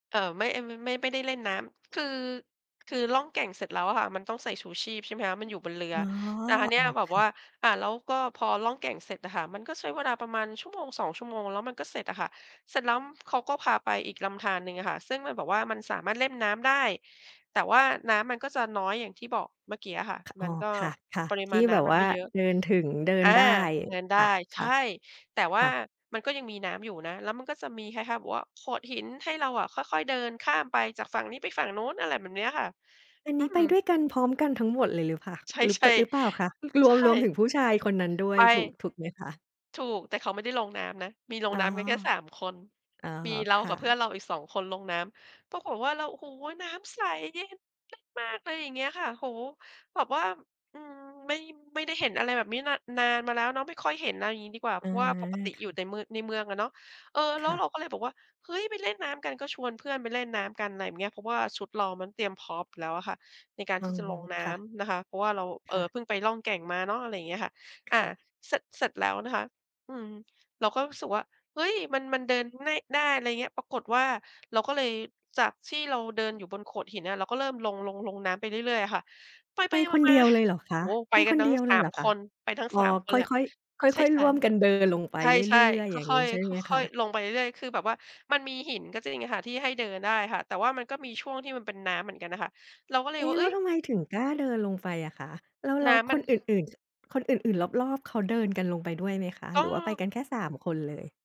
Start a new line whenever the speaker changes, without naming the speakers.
เอ่อ ไม่ อ ม ไม่ ไม่ได้เล่นน้ำ คือ คือล่องแก่งเสร็จแล้วค่ะ มันต้องใส่ชูชีพ ใช่ไหมคะ มันอยู่บนเรือ
อ๋อ
แต่คราวเนี
อ
้
๋อ
ยแบ
ค
บ
่
ว่
ะ
า อ่า แล้วก็พอล่องแก่งเสร็จอะค่ะ มันก็ใช้เวลาประมาณชั่วโมง 2 ชั่วโมง แล้วมันก็เสร็จอะค่ะ เสร็จแล้วเขาก็พาไปอีกลำธารหนึ่งอะค่ะ ซึ่งมันบอกว่ามันสามารถเล่นน้ำได้ แต่ว่าน้ำมันก็จะน้อยอย่างที่บอกเมื่อกี้อะค่ะ
ค อ
ม
๋อ
ันก็
ค่ะ
ปริ
ๆ ท
ม
ี
า
่
ณน
แบ
้
บ
ำมั
ว
น
่
ไ
า
ม่เยอะ
เดินถึง เดิน
อา
ได้
เดินได
ค
้
่ะ
ใช่ แต่ว
ๆ ค
่า
่ะ
มันก็ยังมีน้ำอยู่นะ แล้วมันก็จะมีคล้าย ๆ แบบว่าโขดหิน ให้เราอะค่อย ๆ เดินข้ามไปจากฝั่งนี้ไปฝั่งโน้น อะไรแบบเนี้ยค่ะ
อัน
อื
นี้ไปด้
ม
วยกันพร้อมกันทั้งหมดเลยหรือ พ
ใช
หรือ ป
่
หรือเปล่าคะ ร
ๆ ใช
วม รวมถ
่
ึงผู้ชายคนนั้นด้ว
ไ
ย
ป
ถูก ถูกไหมคะ?
ถูก แต่เขาไม่ได้ลงน้ำนะ มีลง
อ๋อ
น้ำกันแค่ 3 คน
อ๋อ
มีเร
ค
า
่
กับเพื่อ
ะ
นเราอีก 2 คนลงน้ำ ปรากฏว่าเรา โอ้โฮ น้ำใสเย็นมาก ๆ เลย อย่างเงี้ยค่ะ โอ้โฮ แบบว่า อืม ไม่ ไม่ได้เห็นอะไรแบบนี้ น นานมาแล้วเนาะ ไม่ค่อยเห็น เอาอย่างงี้ดีกว่า
อ
เพ
า
ราะว่าปกติ
ค
อยู่แต
่ะ
่มือ ในเมืองอะเนาะ เออ แล
ค
้ว
่
เ
ะ
ราก็เลยบอกว่า "เฮ้ย ไปเล่นน้ำกัน" ก็ชวนเพื่อนไปเล่นน้ำกัน อะไรเงี้ย เพราะว่าชุดเรามันเตรียมพร้อมอยู่แล้วอะค่ะในการ
อ๋
ท
อ
ี่จะลงน้
ค่ะ
ำนะคะ เพราะว่าเรา เ
ค
อ่
่
อ
ะ
เพิ่งไปล่องแก่งมาเนาะ อะไรอย่างเงี้ยค่ะ อ่
ค
า
่ะ
เสร็จ เสร็จแล้วนะคะ อืม เราก็รู้สึกว่า เฮ้ย มัน มันเดินง่าย ได้ อะไรอย่างเงี้ย ปรากฏว่าเราก็เลย จากที่เราเดินอยู่บนโขดหินอะ เราก็เริ่มลง ลง ลงน้ำไปเรื่อย ๆ อะค่ะ ไป
ไปคน
ๆ ม
เด
า
ียวเลยเหรอค
ๆ โอ
ะ
้โฮ ไป
ไป
กั
ค
น
น
ทั
เ
้
ด
ง
ียวเ
ส
ล
า
ยห
ม
รอค
ค
ะ
น ไปทั้ง
อ๋อ
3 คน
ค
เ
่
ล
อ
ยอะ
ย ๆ
ใช
ค
่
่อย
ๆ
ๆ ร่วมกันเดินลงไป
ใช
เร
่
ื่อย
ๆ ค
ๆ อย่าง
่
ง
อ
ี้
ย
ใช่
ๆ ค
ไหมค
่อย
ะ?
ๆ ลงไปเรื่อย ๆ คือแบบว่ามันมีหินก็จริงอะค่ะที่ให้เดินได้ค่ะ แต่ว่ามันก็มีช่วงที่มันเป็นน้ำเหมือนกันน่ะค่ะ เราก็เล
เ
ย
อ๊
ว่า
แ
"เอ
ล้
๊
ว
ย"
ทำไมถึงกล้าเดินลงไปอะคะ แล้ว แล
น
้ว
้ำม
ค
ัน
นอื่น ๆ คนอื่น ๆ รอบ ๆ เขาเดินกันลงไปด้วยไหมคะ?
ก
ห
็
รือว่าไปกันแค่ 3 คนเลย?